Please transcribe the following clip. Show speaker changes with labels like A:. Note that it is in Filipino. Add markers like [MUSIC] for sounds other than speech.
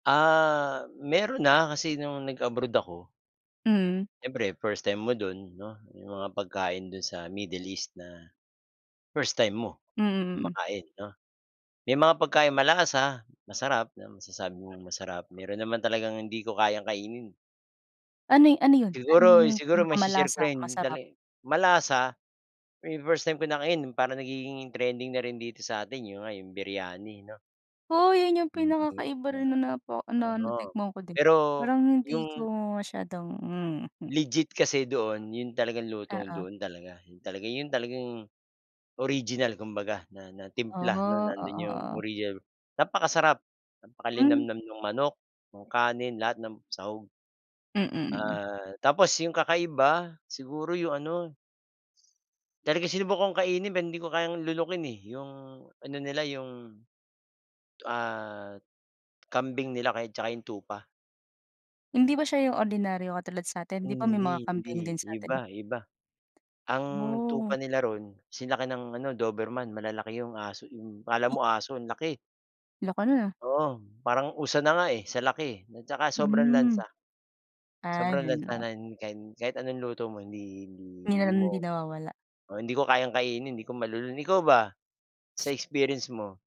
A: Ah, meron na, kasi nung nag-abroad ako
B: Mm.
A: siyempre first time mo do'n, 'no. 'Yong mga pagkain do'n sa Middle East na first time mo
B: Mm, mm.
A: makain, 'no. May mga pagkaing malasa, ah, masarap. Masasabi mong masarap. Meron naman talagang hindi ko kayang kainin.
B: Ano ano yun? Ano
A: Siguro
B: yung
A: siguro maisi-share ko
B: pinakamalasa,
A: rin
B: masarap?
A: tali malasa, eh, first time ko nakain parang nagiging trending na rin dito sa atin, 'yon nga 'yong, Biryani, 'no.
B: Oh, yun yung pinaka kakaiba rin
A: [UNINTELLIGIBLE]
B: napa na
A: Oo,
B: natikman ko din.
A: pero
B: Parang hindi ko
A: yung
B: masyadong hmm.
A: legit kasi doon 'yon talagang lutong
B: Oo.
A: doon talaga. 'Yon talaga 'yon talagang original kumbaga, na na
B: Ah,
A: timpla, 'no,
B: oo,
A: nandoon 'yong
B: oo.
A: original napakasarap,
B: Hmm.
A: napakalinamnam nung manok, nung kanin, lahat ng sahog.
B: Mm, mm.
A: Ah, tapos, yung kakaiba, siguro yung ano talagang sinubukan kong kainin, pero hindi ko kayang lunukin eh, 'yong ano nila, 'yong, ah, kambing nila kaya at tsaka yung tupa.
B: Hindi ba siya yung ordinaryo katulad sa'tin? Di ba may mga
A: Hindi,
B: kambing
A: hindi,
B: din sa'tin?
A: iba iba. Ang tupa
B: Oh.
A: nila roon sinlaki ng ano, Doberman. Malalaki yung aso 'yong akala mo aso, ang laki.
B: Laki no'n ah.
A: Oo. Parang usa na nga eh, sa laki eh, at tsaka sobrang
B: Hmm.
A: lansa.
B: Ah,
A: Sobrang
B: yun
A: lansa,
B: lang.
A: nan kan kahit anong luto mo, hindi hindi
B: Yun
A: hindi
B: ang hindi
A: mo,
B: nawawala.
A: oo. Hindi ko kayang kainin, di ko malulon. Ikaw ba, sa experience mo?